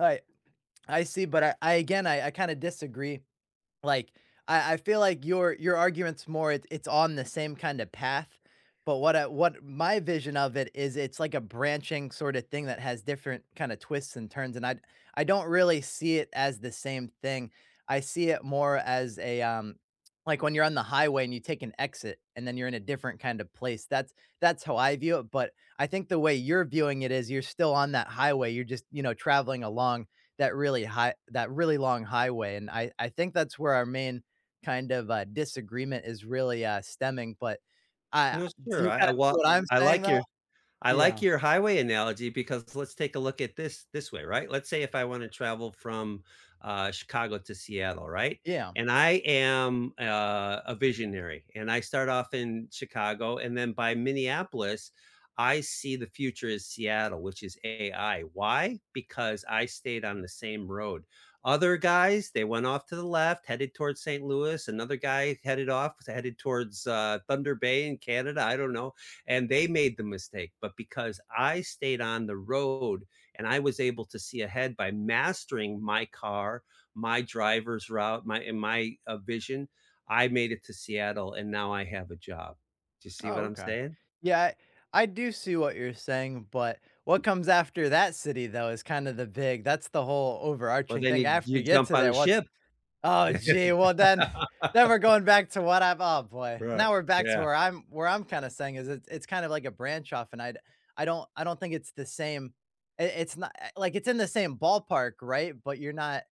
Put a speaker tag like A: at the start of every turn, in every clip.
A: Alright, I see, but I I again, I I kinda disagree. Like, I I feel like your your argument's more it it's on the same kinda path, but what I what my vision of it is, it's like a branching sort of thing that has different kind of twists and turns, and I I don't really see it as the same thing. I see it more as a, um, like, when you're on the highway, and you take an exit, and then you're in a different kind of place, that's that's how I view it, but I think the way you're viewing it is you're still on that highway, you're just, you know, traveling along that really high that really long highway, and I I think that's where our main kind of, uh, disagreement is really, uh, stemming. But I
B: No,
A: do
B: sure.
A: you
B: I
A: kinda
B: I
A: see
B: well,
A: what I'm
B: I
A: saying,
B: like
A: though?
B: your I
A: Yeah.
B: like your highway analogy because let's take a look at this, this way, right, let's say if I wanna travel from, uh, Chicago to Seattle, right,
A: Yeah.
B: and I am, uh, a visionary, and I start off in Chicago, and then by Minneapolis, I see the future is Seattle, which is AI. Why? Because I stayed on the same road. Other guys, they went off to the left, headed towards Saint Louis, another guy headed off, is headed towards, uh, Thunder Bay in Canada, I don't know, and they made the mistake, but because I stayed on the road, and I was able to see ahead by mastering my car, my driver's route, my and my, uh, vision, I made it to Seattle, and now I have a job. Do you see
A: Oh,
B: what I'm
A: okay.
B: saying?
A: Yeah, I do see what you're saying, but what comes after that city, though, is kinda the big that's the whole
B: Well,
A: overarching
B: then
A: thing,
B: you
A: after
B: you
A: you get
B: jump
A: to
B: on a
A: there, what's
B: ship.
A: Oh, gee, well, then then we're going back to what I've Oh, boy,
B: Right,
A: now we're back to
B: yeah.
A: where I'm where I'm kinda saying is it's it's kind of like a branch off, and I d I don't I don't think it's the same, i it's not eh like, it's in the same ballpark, right, but you're not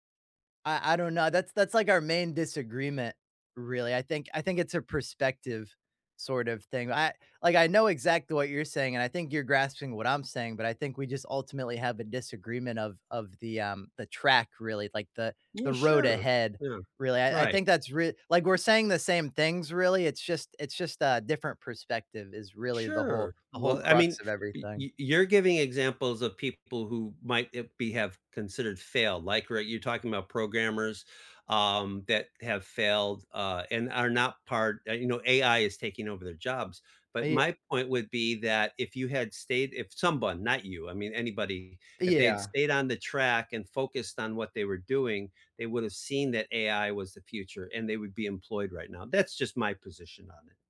A: I I don't know, that's that's, like, our main disagreement, really. I think I think it's a perspective sort of thing. I like, I know exactly what you're saying, and I think you're grasping what I'm saying, but I think we just ultimately have a disagreement of of the, um, the track, really, like, the the
B: Well,
A: road
B: sure.
A: ahead,
B: Yeah,
A: really. I I
B: right.
A: think that's real like, we're saying the same things, really, it's just it's just a different perspective is really the whole
B: Sure.
A: the whole
B: Well, I mean,
A: crux of
B: y
A: everything.
B: y you're giving examples of people who might, uh, be have considered failed, like, r you're talking 'bout programmers, um, that have failed, uh, and are not part eh, you know, AI is taking over their jobs,
A: Uh,
B: but
A: yea
B: my point would be that if you had stayed, if someone, not you, I mean anybody, if they had
A: Yeah.
B: stayed on the track and focused on what they were doing, they woulda seen that AI was the future and they would be employed right now, that's just my position on it.